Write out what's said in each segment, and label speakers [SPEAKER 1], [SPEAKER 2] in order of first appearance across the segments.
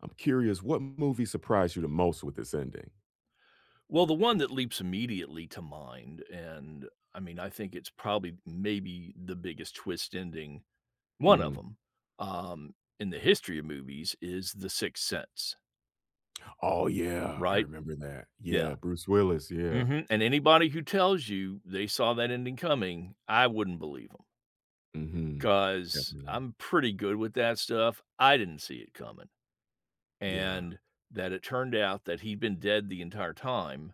[SPEAKER 1] I'm curious, what movie surprised you the most with it's ending?
[SPEAKER 2] Well, the one that leaps immediately to mind, and, I mean, I think it's probably maybe the biggest twist ending 1 of
[SPEAKER 1] Mhm.
[SPEAKER 2] 'em, um, in the history of movies, is The Sixth Sense.
[SPEAKER 1] Oh, yeah, I
[SPEAKER 2] Right?
[SPEAKER 1] remember that.
[SPEAKER 2] Yeah.
[SPEAKER 1] Yeah, Bruce Willis, yeah.
[SPEAKER 2] Mhm, and anybody who tells you they saw that ending coming, I wouldn't believe 'em
[SPEAKER 1] Mhm,
[SPEAKER 2] 'cause
[SPEAKER 1] definitely not.
[SPEAKER 2] I'm pretty good with that stuff, I didn't see it coming.
[SPEAKER 1] Yeah.
[SPEAKER 2] And that it turned out that he'd been dead the entire time,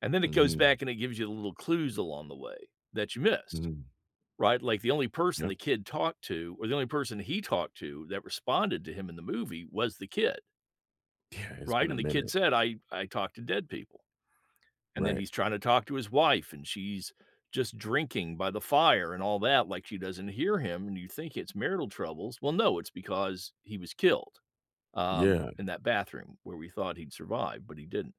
[SPEAKER 2] and then it goes
[SPEAKER 1] Mhm.
[SPEAKER 2] back and it gives you little clues along the way that you missed,
[SPEAKER 1] Mhm.
[SPEAKER 2] right? Like, the only person
[SPEAKER 1] Yep.
[SPEAKER 2] the kid talked to or the only person he talked to that responded to him in the movie was the kid.
[SPEAKER 1] Yeah, it's
[SPEAKER 2] Right,
[SPEAKER 1] been a
[SPEAKER 2] and the kid
[SPEAKER 1] minute.
[SPEAKER 2] said, "I I talk to dead people." And then
[SPEAKER 1] Right.
[SPEAKER 2] he's trying to talk to his wife, and she's just drinking by the fire and all that, like she doesn't hear him, and you think it's marital troubles, well, no, it's because he was killed,
[SPEAKER 1] Yeah.
[SPEAKER 2] um, in that bathroom where we thought he'd survived, but he didn't,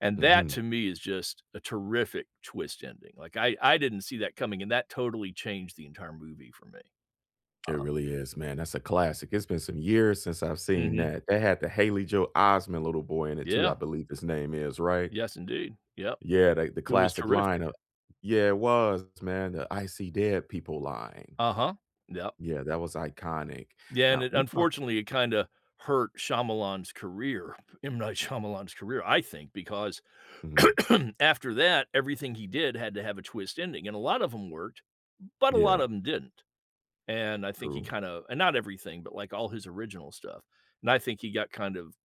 [SPEAKER 2] and that
[SPEAKER 1] Mhm.
[SPEAKER 2] to me is just a terrific twist ending, like, I I didn't see that coming, and that totally changed the entire movie for me.
[SPEAKER 1] It
[SPEAKER 2] Um
[SPEAKER 1] really is, man, that's a classic, it's been some years since I've seen
[SPEAKER 2] Mhm.
[SPEAKER 1] that, they had the Haley Joel Osment little boy in it too, I
[SPEAKER 2] Yeah.
[SPEAKER 1] believe his name is, right?
[SPEAKER 2] Yes, indeed, yep.
[SPEAKER 1] Yeah, they the
[SPEAKER 2] It was
[SPEAKER 1] classic line
[SPEAKER 2] terrific.
[SPEAKER 1] of Yeah, it was, man, the, "I see dead people," line.
[SPEAKER 2] Uh-huh, yep.
[SPEAKER 1] Yeah, that was iconic.
[SPEAKER 2] Yeah, and
[SPEAKER 1] Now
[SPEAKER 2] it
[SPEAKER 1] we talk
[SPEAKER 2] unfortunately, it kinda hurt Shyamalan's career M. Night Shyamalan's career- I think- because
[SPEAKER 1] Mhm.
[SPEAKER 2] after that, everything he did had to have a twist ending, and a lot of them worked, but a lot
[SPEAKER 1] Yeah.
[SPEAKER 2] of 'em didn't, and I think he
[SPEAKER 1] True.
[SPEAKER 2] kinda and not everything, but, like, all his original stuff, and I think he got kind of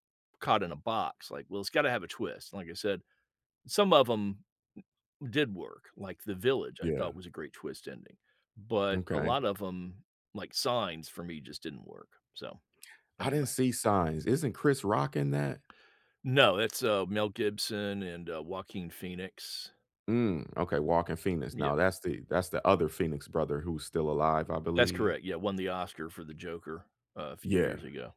[SPEAKER 2] caught in a box, like, "Well, it's gotta have a twist," and like I said, some of 'em did work, like, The Village, I thought
[SPEAKER 1] Yeah.
[SPEAKER 2] was a great twist ending, but a
[SPEAKER 1] M'kay.
[SPEAKER 2] lot of 'em, like Signs, for me, just didn't work, so,
[SPEAKER 1] I didn't
[SPEAKER 2] anyway
[SPEAKER 1] see signs, isn't Chris Rock in that?
[SPEAKER 2] No, that's, uh, Mel Gibson and, uh, Joaquin Phoenix.
[SPEAKER 1] Mm, okay. Joaquin Phoenix.
[SPEAKER 2] Yeah.
[SPEAKER 1] Now, that's the that's the other Phoenix brother who's still alive, I
[SPEAKER 2] That's
[SPEAKER 1] believe.
[SPEAKER 2] correct. Yeah, won the Oscar for the Joker a few
[SPEAKER 1] Yeah.
[SPEAKER 2] years ago.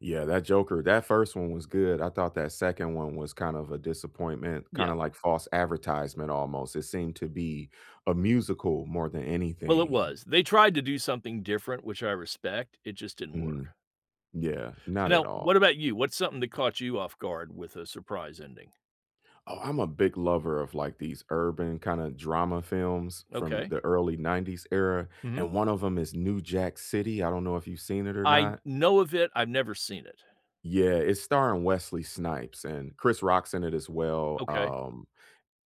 [SPEAKER 1] Yeah, that Joker that 1st one was good. I thought that 2nd one was kind of a disappointment,
[SPEAKER 2] Yeah.
[SPEAKER 1] kinda, like, false advertisement almost. It seemed to be a musical more than
[SPEAKER 2] Well, it
[SPEAKER 1] anything.
[SPEAKER 2] was. They tried to do something different, which I respect. It just didn't
[SPEAKER 1] Mhm.
[SPEAKER 2] work.
[SPEAKER 1] Yeah,
[SPEAKER 2] So
[SPEAKER 1] not at
[SPEAKER 2] now,
[SPEAKER 1] all.
[SPEAKER 2] what about you? What's something that caught you off guard with a surprise ending?
[SPEAKER 1] Oh, I'm a big lover of, like, these urban kinda drama films from
[SPEAKER 2] Okay.
[SPEAKER 1] the early 90s era,
[SPEAKER 2] Mhm.
[SPEAKER 1] and 1 of them is New Jack City. I don't know if you've seen it or
[SPEAKER 2] I
[SPEAKER 1] not.
[SPEAKER 2] know of it. I've never seen it.
[SPEAKER 1] Yeah, it's starring Wesley Snipes, and Chris Rock's in it as well.
[SPEAKER 2] Okay.
[SPEAKER 1] Um,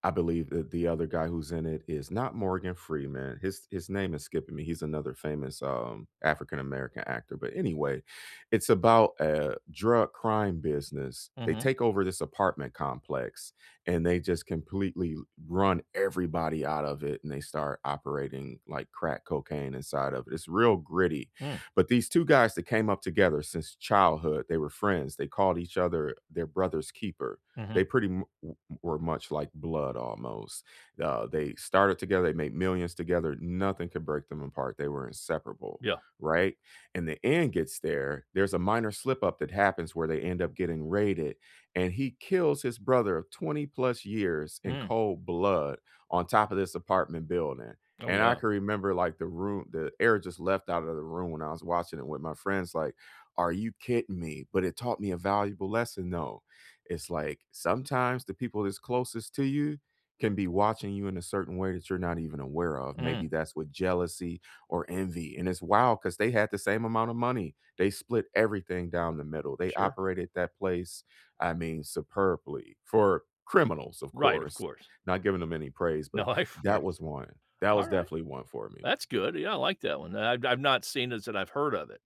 [SPEAKER 1] I believe that the other guy who's in it is not Morgan Freeman. His his name is skipping me. He's another famous, um, African American actor. But, anyway, it's about, eh, drug crime business. They
[SPEAKER 2] Mhm.
[SPEAKER 1] take over this apartment complex, and they just completely l run everybody out of it, and they start operating, like, crack cocaine inside of it's real gritty.
[SPEAKER 2] Hmm.
[SPEAKER 1] But these 2 guys that came up together since childhood, they were friends. They called each other their brother's keeper. They
[SPEAKER 2] Mhm.
[SPEAKER 1] pretty mu we were much like blood, almost. Uh, they started together, they made millions together, nothing could break them apart, they were inseparable,
[SPEAKER 2] Yeah.
[SPEAKER 1] right? And the end gets there, there's a minor slip-up that happens where they end up getting raided, and he kills his brother of 20+ years in
[SPEAKER 2] Mm.
[SPEAKER 1] cold blood on top of this apartment building.
[SPEAKER 2] Oh,
[SPEAKER 1] And I
[SPEAKER 2] wow.
[SPEAKER 1] can remember, like, the roo the air just left outta the room when I was watching it with my friends, like, "Are you kidding me?" But it taught me a valuable lesson, though. It's, like, sometimes the people that's closest to you can be watching you in a certain way that you're not even aware of,
[SPEAKER 2] Mhm.
[SPEAKER 1] maybe that's with jealousy or envy, and it's wild 'cause they had the same amount of money. They split everything down the middle. They
[SPEAKER 2] Sure.
[SPEAKER 1] operated that place, I mean, superbly, for criminals, of
[SPEAKER 2] Right, of
[SPEAKER 1] course,
[SPEAKER 2] course.
[SPEAKER 1] not giving them any praise,
[SPEAKER 2] No,
[SPEAKER 1] but
[SPEAKER 2] I of
[SPEAKER 1] that was
[SPEAKER 2] course.
[SPEAKER 1] 1. That was
[SPEAKER 2] Alright.
[SPEAKER 1] definitely 1 for me.
[SPEAKER 2] That's good. Yeah, I like that 1. The I I've not seen it, so I've heard of it,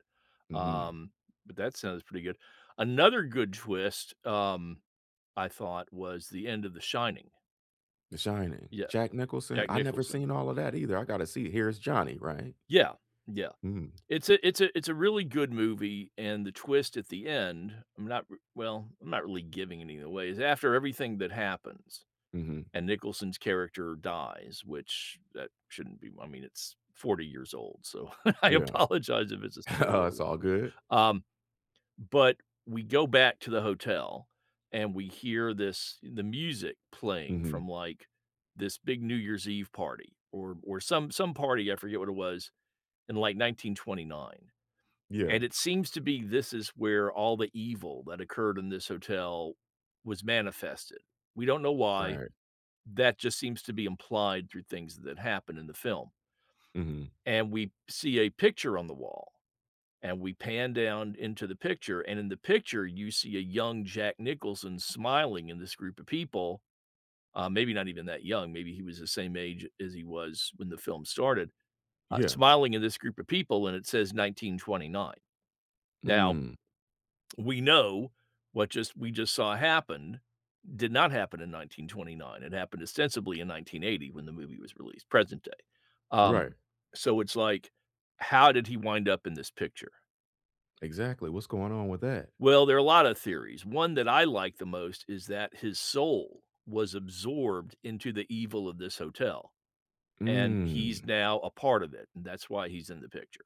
[SPEAKER 1] Mhm.
[SPEAKER 2] um, but that sounds pretty good. Another good twist, um, I thought, was the end of The Shining.
[SPEAKER 1] The Shining,
[SPEAKER 2] Yeah.
[SPEAKER 1] Jack Nicholson,
[SPEAKER 2] Jack
[SPEAKER 1] I never
[SPEAKER 2] Nicholson.
[SPEAKER 1] seen all of that either. I gotta see, "Here's Johnny," right?
[SPEAKER 2] Yeah, yeah.
[SPEAKER 1] Mhm.
[SPEAKER 2] It's a it's a it's a really good movie, and the twist at the end- I'm not r well, I'm not really giving anything away- it's after everything that happens
[SPEAKER 1] Mhm.
[SPEAKER 2] and Nicholson's character dies, which that shouldn't be, I mean, it's 40 years old, so I
[SPEAKER 1] Yeah.
[SPEAKER 2] apologize if it's a spoiler
[SPEAKER 1] It's
[SPEAKER 2] alert.
[SPEAKER 1] all good.
[SPEAKER 2] Um, but we go back to the hotel, and we hear this the music playing
[SPEAKER 1] Mhm.
[SPEAKER 2] from, like, this big New Year's Eve party or or some some party, I forget what it was, in, like, 1929.
[SPEAKER 1] Yeah.
[SPEAKER 2] And it seems to be this is where all the evil that occurred in this hotel was manifested. We don't know why.
[SPEAKER 1] Right.
[SPEAKER 2] That just seems to be implied through things that happened in the film
[SPEAKER 1] Mhm.
[SPEAKER 2] and we see a picture on the wall, and we pan down into the picture, and in the picture, you see a young Jack Nicholson smiling in this group of people- uh, maybe not even that young, maybe he was the same age as he was when the film started- ah,
[SPEAKER 1] Yeah.
[SPEAKER 2] smiling in this group of people, and it says 1929. Now
[SPEAKER 1] Mm.
[SPEAKER 2] we know what just we just saw happened did not happen in 1929, it happened ostensibly in 1980 when the movie was released, present day. Um,
[SPEAKER 1] Right.
[SPEAKER 2] so it's like, "How did he wind up in this picture?"
[SPEAKER 1] Exactly, what's going on with that?
[SPEAKER 2] Well, there are a lot of theories. One that I like the most is that his soul was absorbed into the evil of this hotel, and
[SPEAKER 1] Mm.
[SPEAKER 2] he's now a part of it, and that's why he's in the picture.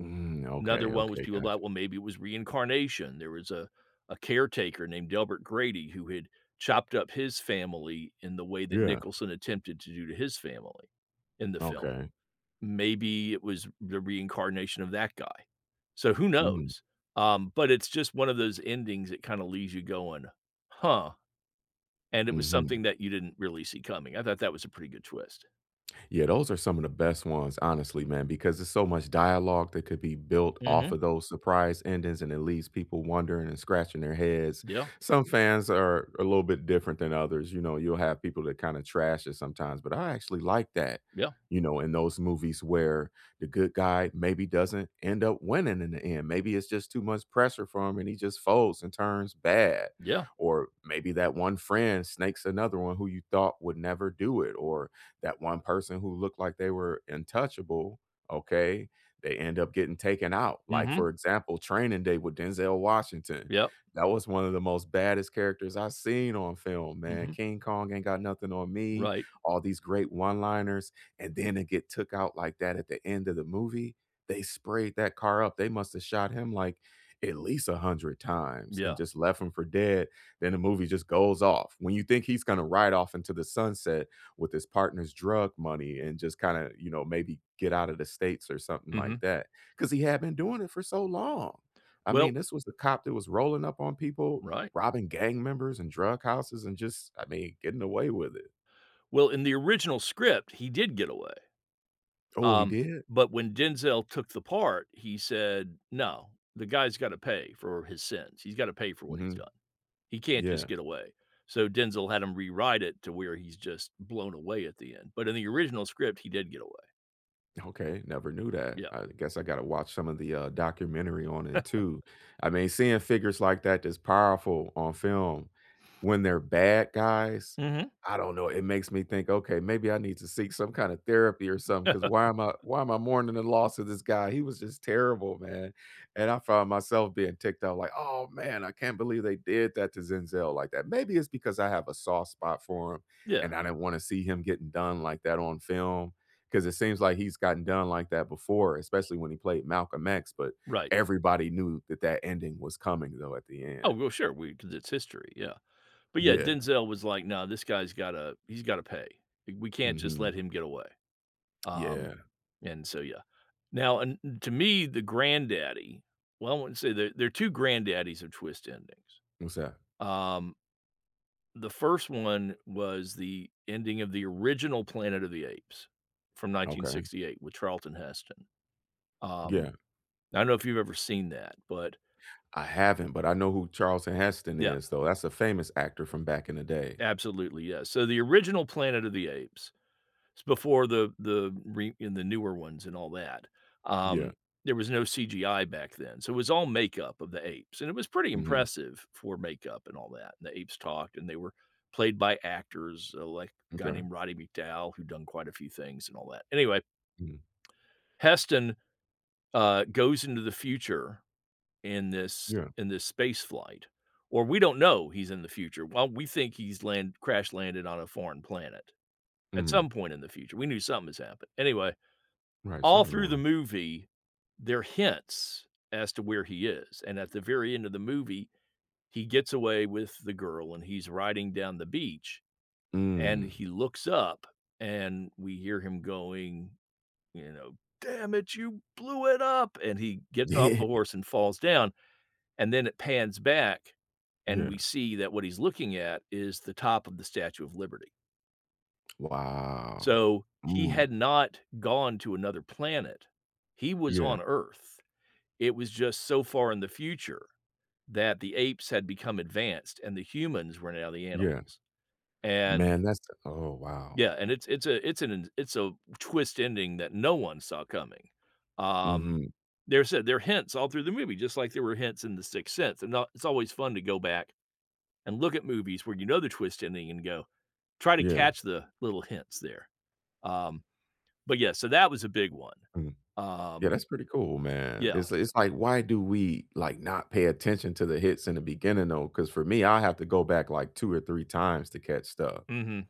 [SPEAKER 1] Mm.
[SPEAKER 2] Another
[SPEAKER 1] Okay,
[SPEAKER 2] one was
[SPEAKER 1] okay,
[SPEAKER 2] people thought, "Well,
[SPEAKER 1] gotcha.
[SPEAKER 2] maybe it was reincarnation." There was a a caretaker named Delbert Grady who had chopped up his family in the way that
[SPEAKER 1] Yeah.
[SPEAKER 2] Nicholson attempted to do to his family in the film.
[SPEAKER 1] Okay.
[SPEAKER 2] Maybe it was the reincarnation of that guy. So, who
[SPEAKER 1] Mm.
[SPEAKER 2] knows? Um, but it's just one of those endings that kinda leaves you going, "huh," and it was
[SPEAKER 1] Mhm.
[SPEAKER 2] something that you didn't really see coming. I thought that was a pretty good twist.
[SPEAKER 1] Yeah, those are some of the best ones, honestly, man, because there's so much dialogue that could be built off
[SPEAKER 2] Mhm.
[SPEAKER 1] of those surprise endings, and it leaves people wondering and scratching their heads.
[SPEAKER 2] Yeah.
[SPEAKER 1] Some fans are a little bit different than others, you know? You'll have people that kinda trash it sometimes, but I actually like that,
[SPEAKER 2] Yeah.
[SPEAKER 1] you know, in those movies where the good guy maybe doesn't end up winning in the end, maybe it's just too much pressure for him and he just folds and turns bad,
[SPEAKER 2] Yeah.
[SPEAKER 1] or maybe that one friend snakes another one who you thought would never do it, or that one person who looked like they were untouchable, okay, they end up getting taken out. Like, for
[SPEAKER 2] Mhm.
[SPEAKER 1] example, Training Day with Denzel Washington.
[SPEAKER 2] Yep.
[SPEAKER 1] That was one of the most baddest characters I've seen on film, man.
[SPEAKER 2] Mhm.
[SPEAKER 1] "King Kong ain't got nothing on me,"
[SPEAKER 2] Right.
[SPEAKER 1] all these great one liners, and then to get took out like that at the end of the movie. They sprayed that car up, they must have shot him, like, at least a hundred times and
[SPEAKER 2] Yeah.
[SPEAKER 1] just left him for dead, then the movie just goes off. When you think he's gonna ride off into the sunset with his partner's drug money and just kinda, you know, maybe get out of the States or something like
[SPEAKER 2] Mhm.
[SPEAKER 1] that, 'cause he had been doing it for so long. I
[SPEAKER 2] Well
[SPEAKER 1] mean, this was the cop that was rolling up on people,
[SPEAKER 2] Right.
[SPEAKER 1] robbing gang members and drug houses and just, I mean, getting away with it.
[SPEAKER 2] Well, in the original script, he did get away,
[SPEAKER 1] Oh, he
[SPEAKER 2] um,
[SPEAKER 1] did?
[SPEAKER 2] but when Denzel took the part, he said, "No. The guy's gotta pay for his sins. He's gotta pay for what he's
[SPEAKER 1] Mhm.
[SPEAKER 2] done. He can't just
[SPEAKER 1] Yeah.
[SPEAKER 2] get away," so Denzel had him rewrite it to where he's just blown away at the end, but in the original script, he did get away.
[SPEAKER 1] Okay, never knew that.
[SPEAKER 2] Yep.
[SPEAKER 1] I guess I gotta watch some of the, uh, documentary on it too. I mean, seeing figures like that, that's powerful, on film, when they're bad guys,
[SPEAKER 2] Mhm.
[SPEAKER 1] I don't know, it makes me think, "Okay, maybe I need to seek some kinda therapy or something 'cause why am I why am I mourning the loss of this guy?" He was just terrible, man, and I found myself being ticked out like, "Oh, man, I can't believe they did that to Zenzel like that." Maybe it's because I have a soft spot for him,
[SPEAKER 2] Yeah.
[SPEAKER 1] and I didn't wanna see him getting done like that on film, 'cause it seems like he's gotten done like that before, especially when he played Malcolm X, but
[SPEAKER 2] Right.
[SPEAKER 1] everybody knew that that ending was coming, though, at the
[SPEAKER 2] Oh,
[SPEAKER 1] end.
[SPEAKER 2] well, sure, we 'cause it's history, yeah. But, yeah,
[SPEAKER 1] Yeah.
[SPEAKER 2] Denzel was like, "No, this guy's gotta he's gotta pay. We we can't just let
[SPEAKER 1] Mhm.
[SPEAKER 2] him get away." Um,
[SPEAKER 1] Yeah.
[SPEAKER 2] and so, yeah. Now, and n to me, the granddaddy well, I wanna say, there there are 2 granddaddies of twist endings,
[SPEAKER 1] What's that?
[SPEAKER 2] um The first one was the ending of the original Planet of the Apes from nineteen
[SPEAKER 1] Okay.
[SPEAKER 2] sixty-eight with Charlton Heston. Um,
[SPEAKER 1] Yeah.
[SPEAKER 2] I don't know if you've ever seen that, but
[SPEAKER 1] I haven't, but I know who Charleston Heston
[SPEAKER 2] Yep.
[SPEAKER 1] is, though. That's a famous actor from back in the day.
[SPEAKER 2] Absolutely, yeah. So, the original Planet of the Apes is before the the re in the newer ones and all that, um,
[SPEAKER 1] Yeah.
[SPEAKER 2] there was no CGI back then, so it was all makeup of the apes, and it was pretty
[SPEAKER 1] Mhm.
[SPEAKER 2] impressive for makeup and all that, and the apes talked, and they were played by actors, like a guy
[SPEAKER 1] M'kay.
[SPEAKER 2] named Roddy McDowall, who'd done quite a few things and all that. Anyway
[SPEAKER 1] Mm.
[SPEAKER 2] Heston, uh, goes into the future in this
[SPEAKER 1] Yeah.
[SPEAKER 2] in this spaceflight or we don't know he's in the future. Well, we think he's land crash landed on a foreign planet at
[SPEAKER 1] Mhm.
[SPEAKER 2] some point in the future- we knew something has happened. Anyway,
[SPEAKER 1] Right,
[SPEAKER 2] all
[SPEAKER 1] something
[SPEAKER 2] through
[SPEAKER 1] going
[SPEAKER 2] the
[SPEAKER 1] on.
[SPEAKER 2] movie, there are hints as to where he is, and at the very end of the movie, he gets away with the girl, and he's riding down the beach, and
[SPEAKER 1] Mm.
[SPEAKER 2] he looks up, and we hear him going, you know, "Damn it, you blew it up!" And he gets off
[SPEAKER 1] Yeah.
[SPEAKER 2] the horse and falls down, and then it pans back, and we
[SPEAKER 1] Yeah.
[SPEAKER 2] see that what he's looking at is the top of the Statue of Liberty.
[SPEAKER 1] Wow.
[SPEAKER 2] So, he had
[SPEAKER 1] Mm.
[SPEAKER 2] not gone to another planet. He was
[SPEAKER 1] Yeah.
[SPEAKER 2] on Earth. It was just so far in the future that the apes had become advanced and the humans were now the
[SPEAKER 1] Yeah.
[SPEAKER 2] animals, and
[SPEAKER 1] Man, that's oh, wow.
[SPEAKER 2] Yeah, and it's it's a it's an it's a twist ending that no one saw coming. Um,
[SPEAKER 1] Mhm.
[SPEAKER 2] there's a there hints all through the movie, just like there were hints in the Sixth Sense, and now it's always fun to go back and look at movies where you know the twist ending and go try to
[SPEAKER 1] Yeah.
[SPEAKER 2] catch the little hints there. Um, but yeah, so that was a big one.
[SPEAKER 1] Mm. Yeah,
[SPEAKER 2] Um
[SPEAKER 1] that's pretty cool, man.
[SPEAKER 2] yeah.
[SPEAKER 1] It's it's like, why do we, like, not pay attention to the hits in the beginning, though? 'Cause for me, I have to go back, like, 2 or 3 times to catch stuff.
[SPEAKER 2] Mhm.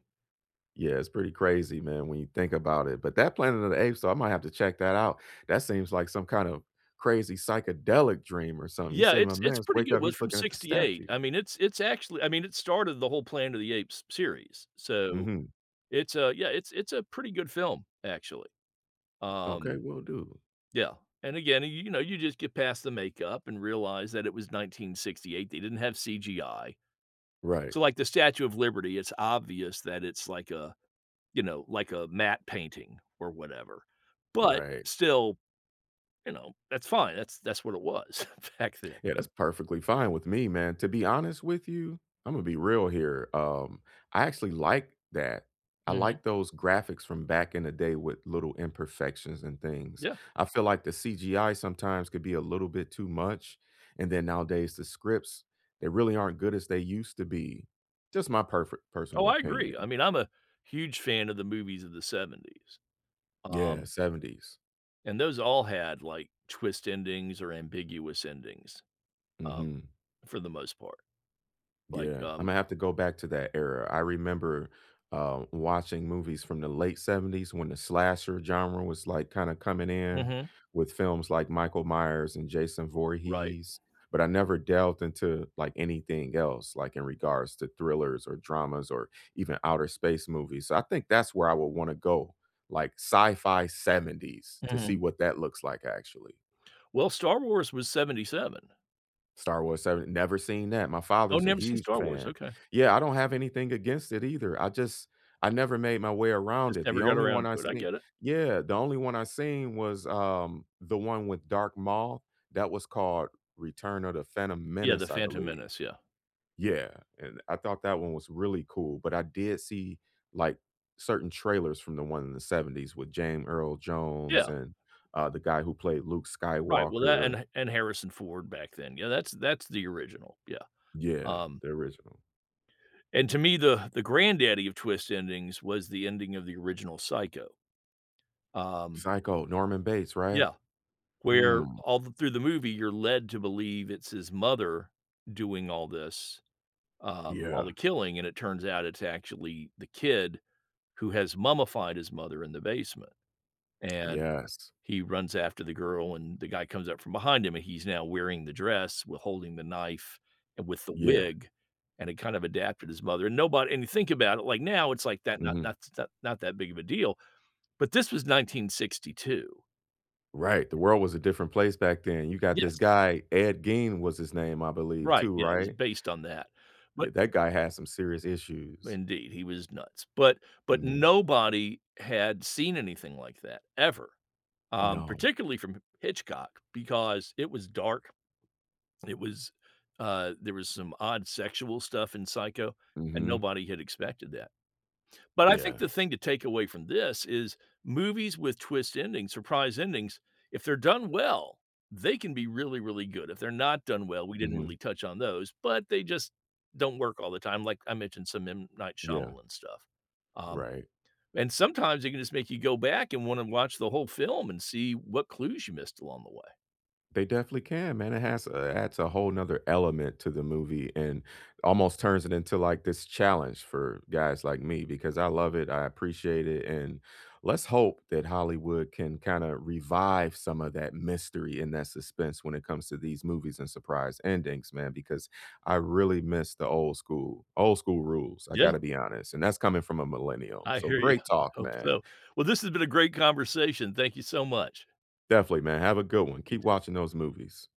[SPEAKER 1] Yeah, it's pretty crazy, man, when you think about it, but that Planet of the Apes though, I might have to check that out. That seems like some kinda crazy, psychedelic dream or something. You
[SPEAKER 2] Yeah.
[SPEAKER 1] say, my
[SPEAKER 2] It's it's
[SPEAKER 1] mans, just
[SPEAKER 2] pretty
[SPEAKER 1] wake
[SPEAKER 2] good.
[SPEAKER 1] up, he's
[SPEAKER 2] Was from
[SPEAKER 1] looking at the
[SPEAKER 2] '68.
[SPEAKER 1] statue.
[SPEAKER 2] I mean, it's it's actually I mean, it started the whole Planet of the Apes series. So,
[SPEAKER 1] Mhm.
[SPEAKER 2] it's a yeah, it's it's a pretty good film, actually,
[SPEAKER 1] Okay,
[SPEAKER 2] um
[SPEAKER 1] will do.
[SPEAKER 2] Yeah. And, again, y you know, you just get past the makeup and realize that it was 1968. They didn't have CGI.
[SPEAKER 1] Right.
[SPEAKER 2] So, like, the Statue of Liberty, it's obvious that it's like a, you know, like a matte painting or whatever, but
[SPEAKER 1] Right.
[SPEAKER 2] still, you know, that's fine. That's that's what it was back then.
[SPEAKER 1] Yeah. That's perfectly fine with me, man. To be honest with you, Imma be real here, um, I actually like that. I
[SPEAKER 2] Mhm.
[SPEAKER 1] like those graphics from back in the day with little imperfections and things.
[SPEAKER 2] Yeah.
[SPEAKER 1] I feel like the CGI sometimes could be a little bit too much, and then nowadays the scripts, they really aren't good as they used to be. Just my perfe
[SPEAKER 2] Oh,
[SPEAKER 1] personal
[SPEAKER 2] I agree.
[SPEAKER 1] opinion.
[SPEAKER 2] I mean, I'm a huge fan of the movies of the '70s,
[SPEAKER 1] Yeah,
[SPEAKER 2] um
[SPEAKER 1] '70s.
[SPEAKER 2] and those all had, like, twist endings or ambiguous endings, um,
[SPEAKER 1] Mhm.
[SPEAKER 2] for the most part. Like,
[SPEAKER 1] Yeah,
[SPEAKER 2] um
[SPEAKER 1] Imma have to go back to that era. I remember, uh, watching movies from the late '70s when the slasher genre was, like, kinda coming in
[SPEAKER 2] Mhm.
[SPEAKER 1] with films like Michael Myers and Jason
[SPEAKER 2] Right.
[SPEAKER 1] Voorhees, but I never delved into, like, anything else, like, in regards to thrillers or dramas or even outer space movies. So I think that's where I would wanna go, like sci-fi '70's to see
[SPEAKER 2] Mhm.
[SPEAKER 1] what that looks like actually.
[SPEAKER 2] Well, Star Wars was '77.
[SPEAKER 1] Star Wars 7, never seen that. My
[SPEAKER 2] Oh,
[SPEAKER 1] father's a
[SPEAKER 2] never seen
[SPEAKER 1] huge
[SPEAKER 2] Star Wars,
[SPEAKER 1] fan.
[SPEAKER 2] okay.
[SPEAKER 1] Yeah, I don't have anything against it either, I just I never made my way around
[SPEAKER 2] Just
[SPEAKER 1] it, the
[SPEAKER 2] never got
[SPEAKER 1] only one
[SPEAKER 2] around
[SPEAKER 1] I
[SPEAKER 2] to it, I
[SPEAKER 1] seen
[SPEAKER 2] get it.
[SPEAKER 1] Yeah, the only one I seen was, um, the one with Darth Maul, that was called Return of the Phantom
[SPEAKER 2] Yeah, The
[SPEAKER 1] Menace, I
[SPEAKER 2] Phantom
[SPEAKER 1] believe.
[SPEAKER 2] Menace, yeah.
[SPEAKER 1] Yeah, and I thought that one was really cool, but I did see, like, certain trailers from the one in the '70s with Jame Earl Jones
[SPEAKER 2] Yeah.
[SPEAKER 1] and, uh, the guy who played Luke
[SPEAKER 2] Right, well, that
[SPEAKER 1] Skywalker.
[SPEAKER 2] and Ha and Harrison Ford back then. Yeah, that's that's the original, yeah,
[SPEAKER 1] Yeah,
[SPEAKER 2] um
[SPEAKER 1] the original.
[SPEAKER 2] And to me, the the granddaddy of twist endings was the ending of the original Psycho, um
[SPEAKER 1] Psycho, Norman Bates right?
[SPEAKER 2] Yeah. Where
[SPEAKER 1] Mm.
[SPEAKER 2] all th through the movie, you're led to believe it's his mother doing all this um, all
[SPEAKER 1] Yeah
[SPEAKER 2] the killing, and it turns out it's actually the kid who has mummified his mother in the basement, and
[SPEAKER 1] Yes.
[SPEAKER 2] he runs after the girl, and the guy comes up from behind him, and he's now wearing the dress, while holding the knife and with the
[SPEAKER 1] Yeah.
[SPEAKER 2] wig, and it kinda adapted his mother, and nobody and you think about it, like, now it's like that not
[SPEAKER 1] Mhm.
[SPEAKER 2] that's not that big of a deal, but this was 1962.
[SPEAKER 1] Right. The world was a different place back then. You got this
[SPEAKER 2] Yes.
[SPEAKER 1] guy, Ed Gein was his name, I believe,
[SPEAKER 2] Right,
[SPEAKER 1] too,
[SPEAKER 2] yeah, it was
[SPEAKER 1] right?
[SPEAKER 2] based on that.
[SPEAKER 1] Yeah,
[SPEAKER 2] But
[SPEAKER 1] that guy had some serious issues.
[SPEAKER 2] Indeed, he was nuts. But but
[SPEAKER 1] Mhm.
[SPEAKER 2] nobody had seen anything like that, ever, um,
[SPEAKER 1] No.
[SPEAKER 2] particularly from M Hitchcock because it was dark, it was uh, there was some odd sexual stuff in Psycho, and
[SPEAKER 1] Mhm.
[SPEAKER 2] nobody had expected that. But I
[SPEAKER 1] Yeah.
[SPEAKER 2] think the thing to take away from this is movies with twist endings- surprise endings- if they're done well, they can be really, really good, if they're not done well, we didn't
[SPEAKER 1] Mhm.
[SPEAKER 2] really touch on those, but they just don't work all the time, like, I mentioned some M. Night
[SPEAKER 1] Yeah.
[SPEAKER 2] Shyamalan stuff, um,
[SPEAKER 1] Right.
[SPEAKER 2] and sometimes they can just make you go back and wanna watch the whole film and see what clues you missed along the way.
[SPEAKER 1] They definitely can, man, it has a adds a whole 'nother element to the movie and almost turns it into, like, this challenge for guys like me because I love it, I appreciate it, and let's hope that Hollywood can kinda revive some of that mystery and that suspense when it comes to these movies and surprise endings, man, because I really miss the old school. Old school rules. I
[SPEAKER 2] Yeah.
[SPEAKER 1] gotta be honest, and that's coming from a millennial.
[SPEAKER 2] I
[SPEAKER 1] So,
[SPEAKER 2] hear ya.
[SPEAKER 1] great talk,
[SPEAKER 2] Hope
[SPEAKER 1] man.
[SPEAKER 2] so. Well, this has been a great conversation. Thank you so much.
[SPEAKER 1] Definitely, man, have a good one.
[SPEAKER 2] You
[SPEAKER 1] Keep
[SPEAKER 2] too.
[SPEAKER 1] watching those movies.